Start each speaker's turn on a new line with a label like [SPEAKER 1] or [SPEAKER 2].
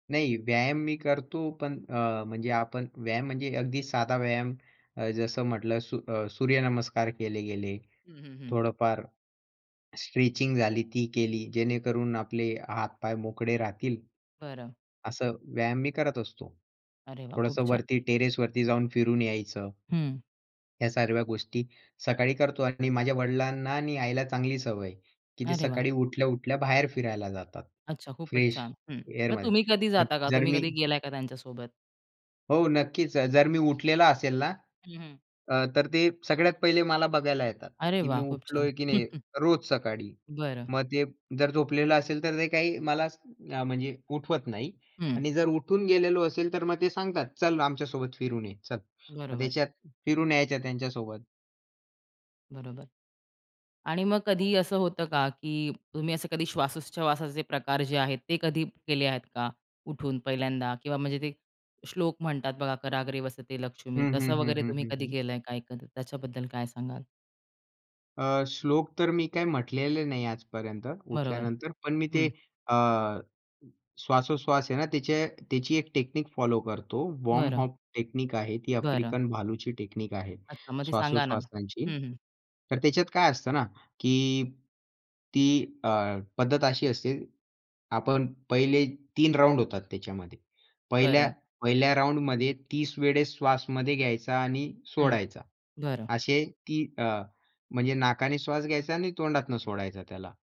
[SPEAKER 1] नाही व्यायाम मी करतो, पण अ, म्हणजे आपण व्यायाम म्हणजे अगदी साधा व्यायाम अ, जसं म्हटलं सू अ, सूर्यनमस्कार केले गेले.
[SPEAKER 2] हं, हं, हं.
[SPEAKER 1] थोडंफार स्ट्रेचिंग झाली ती केली जेणेकरून आपले हातपाय मोकळे राहतील.
[SPEAKER 2] बरं.
[SPEAKER 1] असं व्यायाम मी करत असतो.
[SPEAKER 2] अरे वाह! खूप
[SPEAKER 1] थोडंसं
[SPEAKER 2] छान.
[SPEAKER 1] वरती टेरेसवरती जाऊन फिरून यायचं.
[SPEAKER 2] हं.
[SPEAKER 1] ह्या सर्व गोष्टी सकाळी करतो आणि माझ्या वडिलांना आणि आईला चांगली सवय आहे, की ते
[SPEAKER 2] अरे वाह!
[SPEAKER 1] सकाळी उठल्या-उठल्या बाहेर फिरायला जातात.
[SPEAKER 2] अच्छा खूपच
[SPEAKER 1] फ्रेश
[SPEAKER 2] छान. हं, मग
[SPEAKER 1] एअरमध्ये.
[SPEAKER 2] तुम्ही कधी
[SPEAKER 1] मग
[SPEAKER 2] जाता का?
[SPEAKER 1] जर
[SPEAKER 2] तुम्ही
[SPEAKER 1] मी
[SPEAKER 2] कधी गेलाय का त्यांच्यासोबत?
[SPEAKER 1] हो नक्कीच. अ, जर मी उठलेला असेल ना
[SPEAKER 2] हं, हं.
[SPEAKER 1] अ, तर ते सगळ्यात पहिले मला बघायला येतात,
[SPEAKER 2] अरे
[SPEAKER 1] की मी
[SPEAKER 2] वाह! खूप छान.
[SPEAKER 1] उठलोय की नाही रोज सकाळी.
[SPEAKER 2] बरं.
[SPEAKER 1] मग ते जर झोपलेलं असेल, तर ते काही मला म्हणजे उठवत नाही
[SPEAKER 2] हं.
[SPEAKER 1] आणि जर उठून गेलेलो असेल तर मग ते सांगतात, "चल आमच्यासोबत फिरून ये चल." मग
[SPEAKER 2] बरोबर.
[SPEAKER 1] त्याच्यात फिरून यायच्या त्यांच्यासोबत.
[SPEAKER 2] बरोबर आणि मग कधी असं होतं का की तुम्ही असं कधी श्वासोच्छवासाचे प्रकार जे आहेत, ते कधी केले आहेत का? उठून पहिल्यांदा किंवा म्हणजे ते श्लोक म्हणतात बघा "कराग्रे वसते
[SPEAKER 1] हं,
[SPEAKER 2] लक्ष्मी"
[SPEAKER 1] हं,
[SPEAKER 2] तसं
[SPEAKER 1] हं,
[SPEAKER 2] वगैरे
[SPEAKER 1] हं,
[SPEAKER 2] तुम्ही
[SPEAKER 1] हं,
[SPEAKER 2] कधी
[SPEAKER 1] हं.
[SPEAKER 2] केलंय काय कधी त्याच्याबद्दल काय सांगाल?
[SPEAKER 1] अ, श्लोक तर मी काय म्हटलेले नाही आजपर्यंत
[SPEAKER 2] बरोबर.
[SPEAKER 1] उठल्यानंतर, पण मी ते
[SPEAKER 2] हं.
[SPEAKER 1] अ, श्वासोश्वास आहे ना त्याचे त्याची एक टेक्निक फॉलो करतो. वॉम
[SPEAKER 2] बरं.
[SPEAKER 1] हॉफ टेक्निक आहे ती
[SPEAKER 2] बरं.
[SPEAKER 1] अफ्रिकन भालूची टेक्निक आहे
[SPEAKER 2] अच्छा. मग ते सांगा ना?
[SPEAKER 1] श्वासोश्वासाची.
[SPEAKER 2] हं, हं.
[SPEAKER 1] तर त्याच्यात काय असतं ना की ती अ, पद्धत अशी असते. आपण पहिले 3 राउंड होतात त्याच्यामध्ये. पहिल्या
[SPEAKER 2] बरं.
[SPEAKER 1] पहिल्या राउंडमध्ये 30 वेळेस श्वास मध्ये घ्यायचा आणि
[SPEAKER 2] हं,
[SPEAKER 1] सोडायचा.
[SPEAKER 2] बरं.
[SPEAKER 1] असे ती अ, म्हणजे नाकाने श्वास घ्यायचा आणि तोंडातून सोडायचा त्याला.